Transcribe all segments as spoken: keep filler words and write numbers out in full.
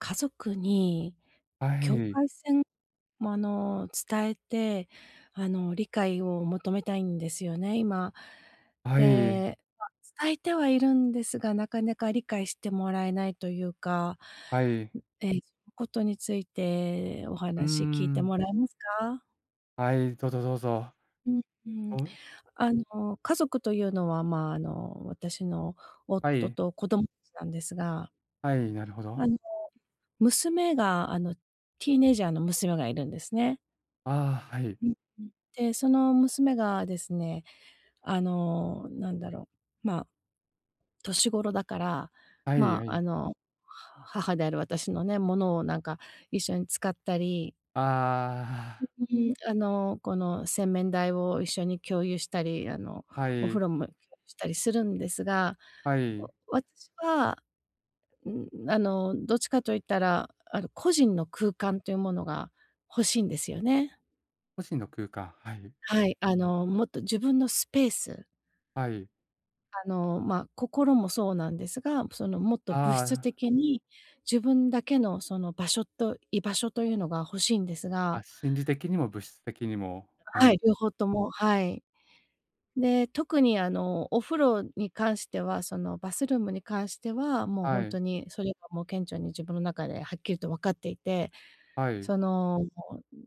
家族には境い。界線もあの、伝えて、あの、理解を求めたいんですよね、今。はい。で、ま、伝えてはいるんですが、なかなか理解してもらえないというか、はい。ん、ええ、ことについて、おうー話聞いてん。もらえますか？はい、どうぞどうぞ。うんうん。おんあの、家族というのは、ま、あの、私のは夫い。と子供なんですがはい、なるほど。あの、娘があのティーネイジャーの娘がいるんですね。ああ、はい。うんうん、で、その娘がですね、あの、なんだろう、ま、年頃だから、はいま、はあい。の、は母である私のね、物をなんか、一緒に使ったりああ。あの、この、洗面台を一緒に共有したり、あの、はおい。風呂も共有したりするんですが、はわい。私は、うん、あの、どっちかといったら、あの、個人の空間というものが欲しいんですよね。個人の空間、はい。はい、あのもっと自分のスペースはい。あの、まあ、心もそうなんですが、その、もっと物あ質あ。的に、自分だけのその場所と居場所というのが欲しいんですあ、が。心理的にも物質的にも、ははい、い。両方とも、はい。で、特にあのお風呂に関してはそのバスルームに関しては、もうほはんい。とにそれは、もう顕著に自分の中ではっきりと分かっていて。はい。その、ん、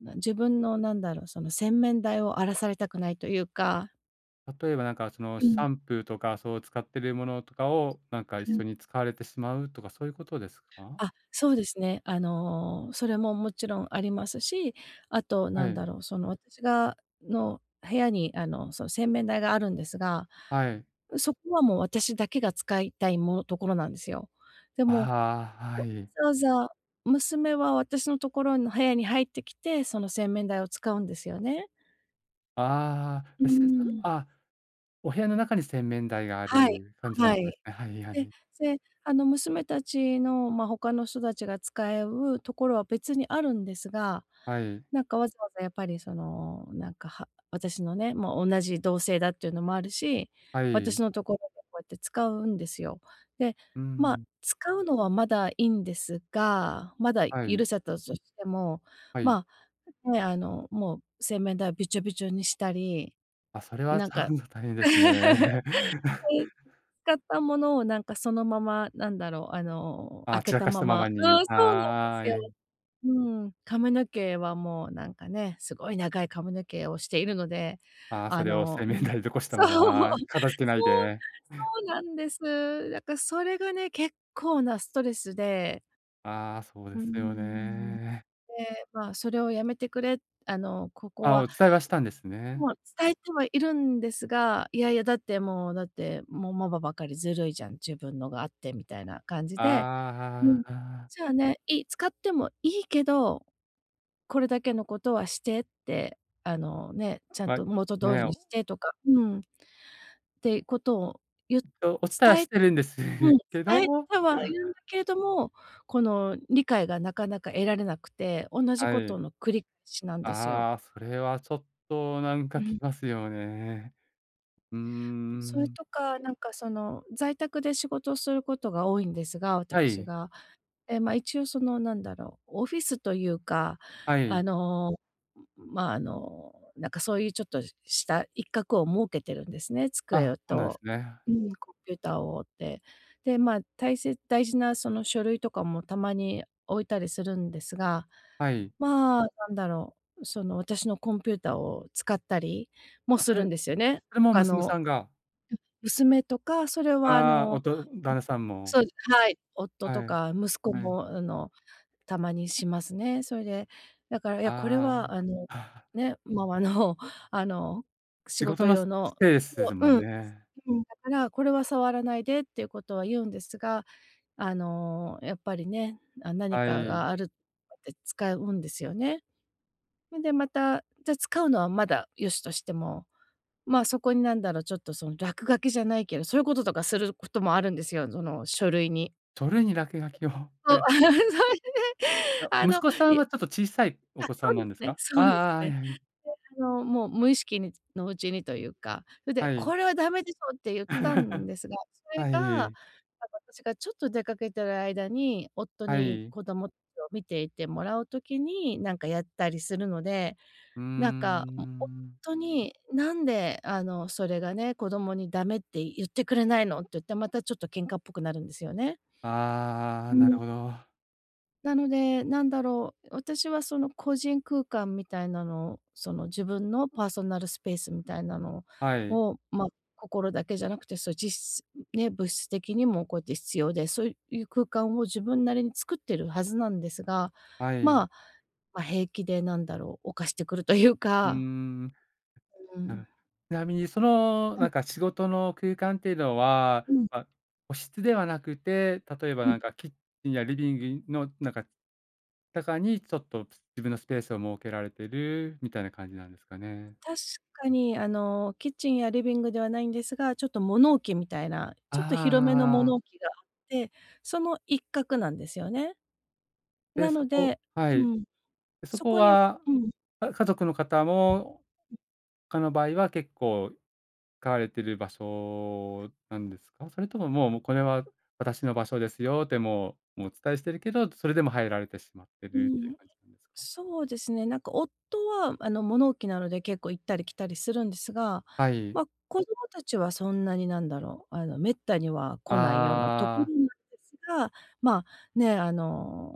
なん自分の何だろう、その洗面台を荒らされたくないとゆうか例えばなんか、そのうシん。ャンプーとか、そう使っているものとかを、なんか一はい。緒に使われてしまうとか、そういうことですか？あ、そうですね。あの、それももちろんありますし、あとは何い。だろう、その私が、の部屋に、あのその洗面台があるんですが、はい。そこはもう、私だけが使いたい、もところなんですよ。であも、は、はわい。ざわざ、娘は私のところの部屋に入ってきて、その洗面台を使うんですよね。ああ、うー [unintelligible] ん。あ、お部屋の中に洗面台があはい、る感じなはわい。けはいはでい。で、あの、娘達のま、ほかの人達が使えうところは別にあるんですが、はい。なんかわざわざやっぱりそのなんか、は私のね、もうおんなじ同性だっていうのもあるし、は私い。のところでこうやって使うんですよ。で、うまあ、ん。使うのはまだいいんですが、まだは許い。せたとしても、はい。まあね、あの、もう洗面台をびちょびちょにしたり、あ、それはなちんょかっと大変 ではすね。い。使ったものをなんかそのまま、なんだろうあの、あ、開け散らたかしまたまままに。そう、そうなんですはよ。い。うん。髪の毛はもうなんかね、すごい長い髪の毛をしているので、ああ、そあれをの洗う面ん、台に残したそう、まそう、ま、片づけないそでうなんです。だからそれがね、結構なストレスでああ、そううでん、うんすようん。ね。で、まあ、「それをやめてくれ、あの、ここあ、は」、お伝えはしたんですね。もう伝えてはいるんですが、「いやいやだって、もうだって、もうママばかりずるいじゃん、自分のがあって」みたいな感じああ、で。「うはん。あ、ああ。じゃあね、いい、使ってもいいけど、これだけのことはして」って、あの、ね、「ちゃんま、と元通ね、りにおして」とか、うん、ってことをゆえっと、お伝えは伝え、してるんですうん、け伝えどてはいるんだけれども、この、理解がなかなか得られなくて、おんなじはことい。の繰りしなんですよ。ああ、それはちょっとなんうかきん。ますよね。うーそれん。とか、なんかその、在宅で仕事をすることが多いんですが、わたはくしい。が。え、ま、一応そのなんだろう、オフィスというか、はあい。の、まあ、あの、なんかそういうちょっとした一角を設けてるんですね、あ、机そうなんすと、ね。うん、コンピューターをって。で、ま、大切大事なその、書類とかもたまに置いたりするんですが、はい。まあ、なんだろう、その私のコンピューターを使ったりもすそれ、るんですよね、それほもか娘のさんがうん、娘とか、それはあああ、のうおん、と旦那さんも。そう、はい。夫とはい、か息子はい。もあの、たまにしますね。それで、だから、「いや、これあはあのあ。ね、ママのあの仕仕事事の用すの」でそすう、もうんん、ね。うん「…だから、これは触らないで」っていうことは言うんですが、あの、やっぱりね、あ、何はかい。があるとかで使うんですよね。それでまた、じゃ使うのはまだ良しとしても、まあ、そこになんだろう、ちょっとその落書きじゃないけど、そういうこととかすることもあるんですよ、その書類に。それに落書きを。そう。え。そいでいや、あ息の、子さいんやはちょっと小さいおあ、子さそんうなでんすですねか？あそあうですああ、はね。いはい。であの、もう無意識につのうちにというか、それではい。「これはダメでしょ！」って言ったん ですが、それはが、またい。私がちょっと出かけてる間に、夫はにい。子供達を見ていてもらう時になんかやったりするので、うーなんかん。夫に「何であの、それがね、子供にダメって言ってくれないの」って言って、またちょっと喧嘩っぽくなるんですよね。あうあ、なるん。ほど。なので、何だろう、私はその個人空間みたいなの、その自分のパーソナルスペースみたいなのはい。を、ま、心だけじゃなくて、そのじっすね、物質的にもこうやって必要で、そういう空間を自分なりに作ってるはずなんですが、はまい。あ、ま、平気でなんだろう犯してくるといううーか。ん。うなん。る。ちなみにそのはない。んか仕事の空間っていうのは、うん。ま、個室ではなくて、例えばうなん。んかキッチンやリビビンのなんか、中にちょっと自分のスペースを設けられてるみたいな感じなんですかね。確かにあの、キッチンやリビングではないんですが、ちょっと物置みたいな、ああちょっと広めのあああ物あ。置があってその一角なんですよね。で、なそのこではうい。ん。そそここにうは、ん。あ家族の方も、ほかの場合は結構使われてる場所なんですか？それとももうもう「これは私の場所ですよ」ってもう、もうお伝えしているけど、それでも入られてしまってうるっていうん。感じなんですか？そうですね、なんか夫はあの、物置なので結構行ったり来たりするんですが、はい。ま、子供達はそんなに何だろう、あの、滅多には来ないようなとこあろあ。なんですが、まあ、ね、あ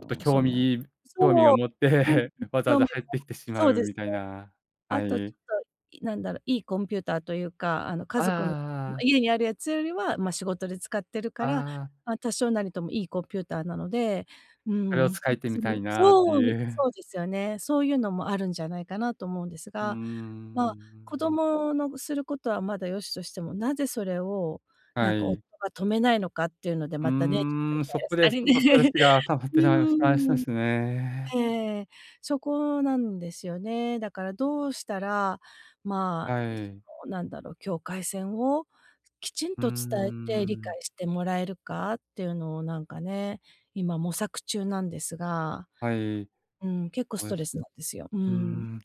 ちょっとそ興の味興味をそう、持っうん、てわざわ興ざ味入っも、てきてしまそううでみすたいね。な、はあとちい。ょっと、いなんだろう、いいコンピューターというか、あのあ家あ族のああ。家にあるやつよりは、ま、仕事で使ってるから、ああ。ま、多少なりともいいコンピューターなので、うそれをん使ってみたい [unintelligible] なってそう！いみう。そうですよね。そういうのもあるんじゃないかなと思うんですうーが、まあ、子ん。供のぐすることはまだ良しとしても、なぜそれをなはんか、夫い。が止めないのかっていうので、うまたね、ちょっとイーん、ラそイラこしたでちりょっとストレスね。が溜まっ うてしまいましそうっーん。すね。ええ。そこなんですよね。だからどうしたら、まあ、はどい。うなんだろう、境界線をきちんうーと伝えて理ん。解してもらえるかっていうのをなんかね、今模索中なんですが、はい。うん、結構スおえトレすスなんですよ。ううーん。ん。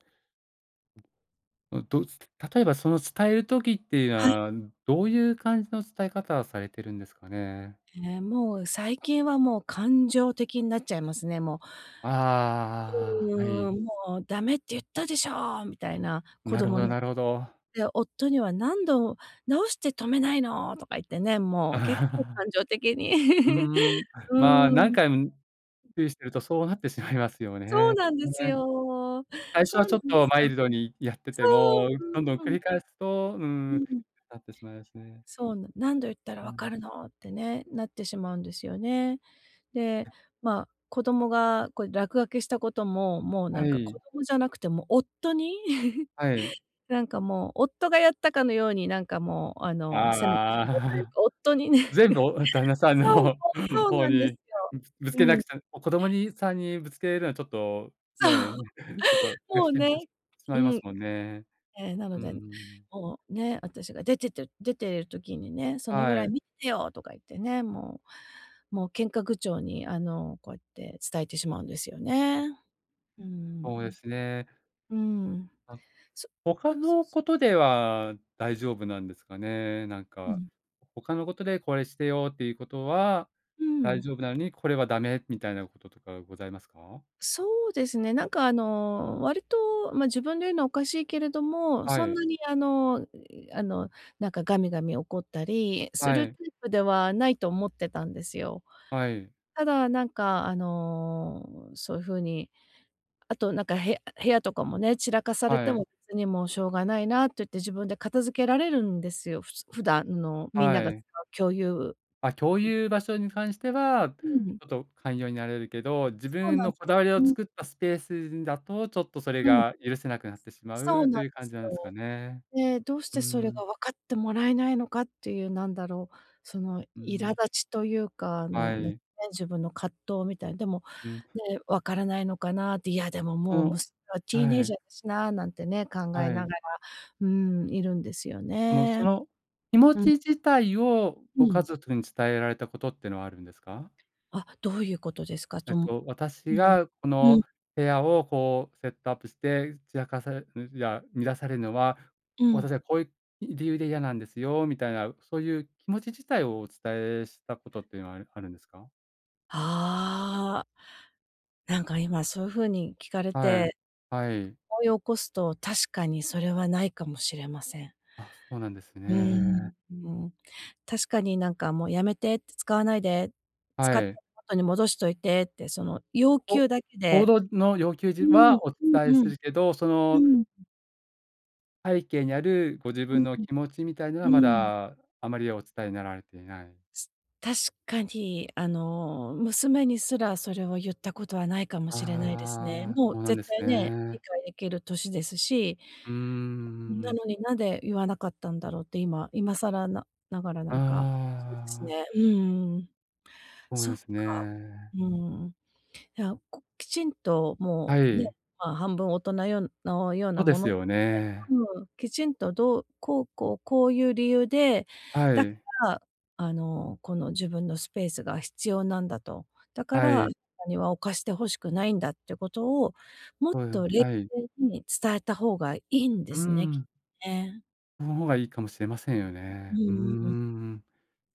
どどうつ例えばその、伝える時っていうのはい。はどういう感じの伝え方をされてるんですかね？え、もう最近はもう感情的になっちゃいますね、もあう。あ、はい。うん、もう、「ダメっていったでしょ！」みたいな、子なるほ供どになるほど。で、夫には「何度どうして止めないの！」とか言ってね、もう結構感 う情的に、ーん、まあ、う何ん。回注意してるとそうなってしまいますよそうね。なんでね。すよ。最初そはうちなょっんでとすマよ。イルドにやっててそう、も、そうどんどんそ繰う。り返すと、うーうん、ん。なってしまいますね。そう、「な何度言ったらう分ん。かるの！」ってね、なってしまうんですよね。で、まあ、子供が、これ落書きしたことも、もうはなんかい。子供じゃなくて、もう夫に、はい。なんかもう、夫がやったかのようになんかもうああの、責めてしあ。まうという か、夫にね。全部お旦那 さんそうそのう、そう方なんですに、よ。ぶぶつうけなくん。ちゃ、子供にさんにぶつけるのはちょっと、そねえ、う。ちょっともう しね、まういまん。すもんね。ええ、なうのーで、ん。もうね、私が出てって出てる時にね「そのぐらはいい。見ててよ！」とか言ってね、もうもう喧嘩口調にあの、こうやって伝えてしまうんですよね。うんそうですね。うん。うん。あ、そ。ほかそうのそう。ことでは大丈夫なんですかね？なんうかん。ほかのことで、「これしてよ」っていうことはう大ん。丈夫なのに、これはダメみたいなこととかございますか？そうですね。なんか、あの、割と、ま、自分で言うのはおかしいけれども、はそんい。なに、あのあの、なんかガミガミ怒ったりすはるタい。イプではないと思ってたんですよ。はい。ただ、なんかあの、そういうふうにあとなんか部屋部屋とかもね、散らかされてはい。も別に「もうしょうがないな」って言って自分で片付けられるんですよ、ふつ普段のみんなはが使い。う共有あ、共有場 所に関してはうん。ちょっと寛容になれるけど、自そう分なんのです。こだわりをうん、う。作ったスペースだとちょっとそれうん。が許せなくなってしまそううとなんいうで感じすなんですかよ。ね。で、どうしうーてそれん。が分かってもらえないのかっていう、何だろう、そのう苛立ん。ちというか、あはのね、い。自分の葛藤みたいな。でも、うん。ね、「分からないのかな？」って、「いや、でもうもうん、娘ははい。teenager だしな」なんてね考はえながら、い。うん、いるんですよもうね。その、気持うん。ち自体をうご家ん。族に伝えられたことってのはあるんですか？あ、どういうことですか？えとっむと、「私うん、がこうん。の部屋をこうセットアップして散らかされん、いや乱されるのは、うん。私はこういう理由で嫌なんですよ」みたいなそういう気持ち自体をお伝えしたことっていうのはあるあるんですか？ああ。なんか、今そう風に聞かれはい、て、はい。思い起こすと、確かにそれはないかもしれません。あ、そうなんですうーね。ん、うーん。確かになんかもう、やめてって、使わないで、使っはてい。元に戻しといてって、その要こ求だけ行で動の要求うじーん、はお伝えうんうすん。るけど、そうのんん。背景にあるご自うん分ん。の気持ちみたいなのは、うまーん。だ、あまりお伝えになられていない。つ確かに、あの、娘にすら、それをゆったことはないかもしれないですね。ああ、もうそうなんで絶す対ね、理ね。解できる歳ですし。うーなん。のに、なんで言わなかったんだろうって今今更なながらあなんか、そうですあ。ね。うーん。そうそでっすか。ね。うーん。いや、こきちんとはもう、ね、い。まあ、半分大人ようのようそなうでもすのでよね。うん。きちんとどう、こうこう、こういう理由で、はだかい。ら、あの、この自分のスペースが必要なんだと。だかはら、い。にわをおかして欲しくないんだってことを、もっそうなとん冷はい。静に伝えた方がいいんでうーすね、きっん。ね。その方がいいかもしれませんよううね。うーーん。ん。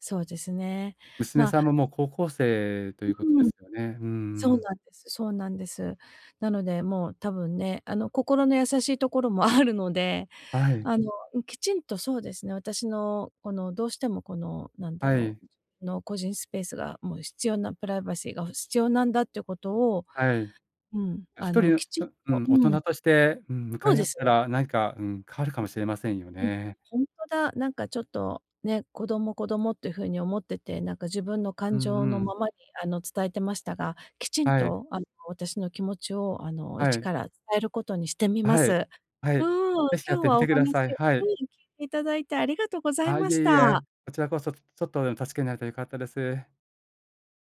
そうですね。娘まあさんももう高校生ということうでーん。すよね。うーそうん。なんですそうなんです。なので、もう多分ね、あの心の優しいところもあるので、はい。あの、うん、きちんとそうですね、私の、このどうしても、このなんだはろい。うの個人スペースが、もう必要なプライバシーがほ必要なんだっていうことを、はい。のうん、あ一の、人の、きちっとうとん、大う人ん。として、うん、向そかういで合っすたね。らなにか、うん、変わるかもしれませんようん。うん、ね。ほんとだ。なんかちょっと、ね、子供子供っていう風に思ってて、なんか自分のう感んう情のん。ままに、あの、伝えてましたが、きちんはい。とあの、私の気持ちを、あの、は一い。から伝えることにしてみまはい、す。はうい。ーん、ぜひやっ今日てみはおてくだ話さい。をはうん、聞い。いていただいてありがとうござあいあ、まいしえいた。え。こちらこそ、ちょちょっとでも助けになれたら良かったです。